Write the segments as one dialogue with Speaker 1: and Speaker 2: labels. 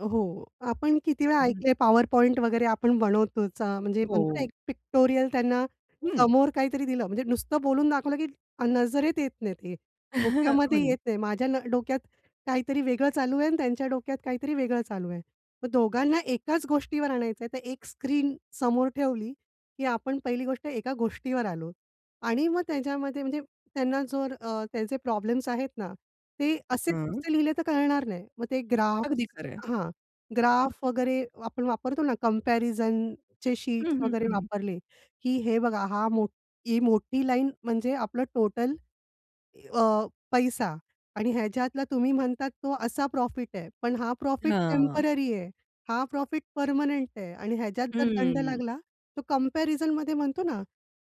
Speaker 1: हो, आपण किती वेळा
Speaker 2: हं.
Speaker 1: ऐकले पॉवर पॉइंट वगैरे आपण बनवतोचा म्हणजे म्हणतो ना,
Speaker 2: हो.
Speaker 1: एक पिक्टोरियल त्यांना
Speaker 2: हं.
Speaker 1: समोर काहीतरी दिलं. म्हणजे नुसतं बोलून दाखवलं की अ, नजरेत येत नाहीत ते,
Speaker 2: हो
Speaker 1: डोक्यामध्ये
Speaker 2: ना.
Speaker 1: येत नाही. माझ्या न डोक्यात काहीतरी वेगळं चालू आहे आणि त्यांच्या डोक्यात काहीतरी वेगळं चालू आहे. मग दोघांना एकाच गोष्टीवर आणायचंय तर एक स्क्रीन समोर ठेवली की आपण पहिली गोष्ट एका गोष्टीवर आलोत आणि मग त्याच्यामध्ये म्हणजे त्यांना जर अ, त्याचे प्रॉब्लेम्स आहेत ना, ते असेच
Speaker 2: हं.
Speaker 1: नुसते लिहिले तर कळणार नाही. मग ते ग्राफ्स
Speaker 2: अगदी खरंय.
Speaker 1: हां, ग्राफ वगैरे आपण वापरतो ना, कंपॅरिझनचे
Speaker 2: हं,
Speaker 1: शीट्स
Speaker 2: हं,
Speaker 1: वगैरे
Speaker 2: हं, हं.
Speaker 1: वापरले की हे बघा, हा मोठ ही मोठी लाईन म्हणजे आपलं टोटल अ, पैसा आणि ह्याच्यातला तुम्ही म्हणतात तो असा प्रॉफिट आहे. पण हा प्रॉफिट
Speaker 2: हां.
Speaker 1: टेम्पररी आहे, हा प्रॉफिट पर्मनेंट आहे आणि ह्याच्यात जर दंड
Speaker 2: हं.
Speaker 1: लागला, तो कम्पॅरिझनमध्ये म्हणतो ना,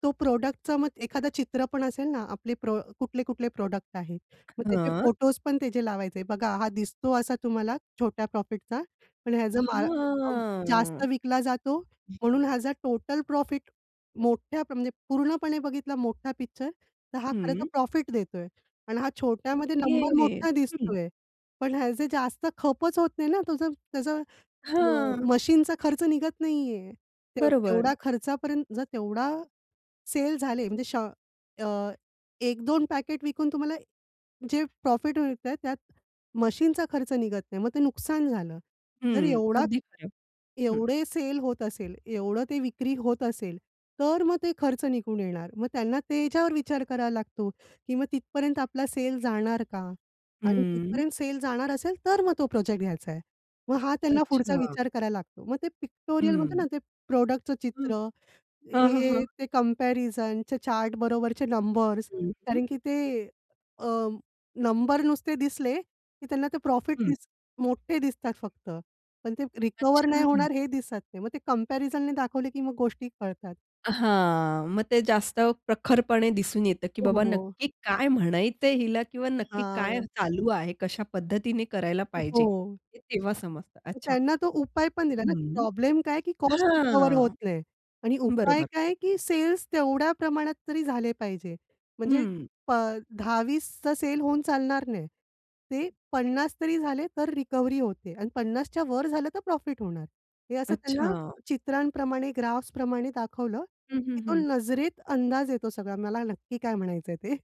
Speaker 1: तो प्रॉडक्टचं मग एखादं चित्र पण असेल ना, आपले प्रो कुठले-कुठले प्रॉडक्ट आहेत, मग तेचे
Speaker 2: हं.
Speaker 1: फोटोज पण त्याचे लावायचे, बघा हा दिसतो असा तुम्हाला छोट्या प्रॉफिटचा, पण ह्याचं मा [unintelligible] जास्त
Speaker 2: हां.
Speaker 1: विकला जातो म्हणून ह्याचा टोटल प्रॉफिट मोठ्या म्हणजे पूर्णपणे बघितला मोठा पिक्चर तर हा खरं तर
Speaker 2: हं.
Speaker 1: प्रॉफिट देतोय आणि हा छोट्यामध्ये नंबर
Speaker 2: ओके
Speaker 1: मोठा
Speaker 2: हं.
Speaker 1: दिसतोय. पण ह्याचं जास्त खपच होत नाही ना, तोचं त्याचं अ,
Speaker 2: हां.
Speaker 1: मशीनचा खर्च निघत नाही आहे, ते
Speaker 2: बरोबर.
Speaker 1: तेवढा खर्चापर्यंत जर तेवढा सेल झाले म्हणजे श अ, 1-2 पॅकेट विकून तुम्हाला जे प्रॉफिट मिळतय, त्यात मशीनचा खर्च निघत नाही. मग ते नुकसान झालं. जर
Speaker 2: हं.
Speaker 1: एवढा
Speaker 2: अगदी खरं. हं.
Speaker 1: एवढे सेल होत असेल, एवढं ते विक्री होत असेल, तर मग ते खर्च निघून येणार. मग त्यांना त्याच्यावर विचार करावा लागतो, की मग तिथपर्यंत आपला सेल जाणार का? आणि
Speaker 2: हं.
Speaker 1: तिथपर्यंत सेल जाणार असेल, तर मग तो प्रोजेक्ट घ्यायचाय. मग हा त्यांना पुढचा
Speaker 2: अच्छा.
Speaker 1: विचार करायला लागतो. मग ते पिक्टोरियलमध्ये
Speaker 2: हं.
Speaker 1: ना, ते प्रॉडक्टचं
Speaker 2: हं,
Speaker 1: चित्र,
Speaker 2: हां, हां, हां.
Speaker 1: हे ते कंपॅरिझनच्या चार्ट बरोबरचे नंबर्स
Speaker 2: हं, हं.
Speaker 1: कारण की ते अ, नंबर नुसते दिसले, की त्यांना ते प्रॉफिट
Speaker 2: हं.
Speaker 1: दिस मोठे दिसतात फक्त. पण ते रिकव्हर नाही
Speaker 2: अच्छा.
Speaker 1: होणार हे दिसत नाही. ते मग ते कंपॅरिझननी दाखवले की मग गोष्टी कळतात.
Speaker 2: हां. मग ते जास्त प्रखरपणे दिसून येतं, की बाबा
Speaker 1: हो.
Speaker 2: नक्की काय म्हणायचंय हिला किंवा नक्की काय
Speaker 1: हां.
Speaker 2: चालू आहे, कशा पद्धतीने करायला पाहिजे,
Speaker 1: हो.
Speaker 2: हे तेव्हा समजतं. अच्छा.
Speaker 1: त्यांना तो उपाय पण दिला ना, की
Speaker 2: हं,
Speaker 1: प्रॉब्लेम काय, की कॉस्ट रिकव्हर होत
Speaker 2: हां,
Speaker 1: नाही आणि उपाय
Speaker 2: बरोबर.
Speaker 1: काय, की सेल्स तेवढ्या प्रमाणात तरी झाले पाहिजे. म्हणजे
Speaker 2: हं.
Speaker 1: प 10-20 चा सेल होऊन चालणार नाही, ते 50 तरी झाले, तर रिकव्हरी होते. आणि 50 च्या वर झालं तर प्रॉफिट होणार. हे असं त्यांना
Speaker 2: अच्छा.
Speaker 1: चित्रांप्रमाणे, ग्राफ्सप्रमाणे दाखवलं,
Speaker 2: हं, हं,
Speaker 1: की तो
Speaker 2: हं.
Speaker 1: नजरेत अंदाज येतो सगळा मला नक्की काय म्हणायचंय ते.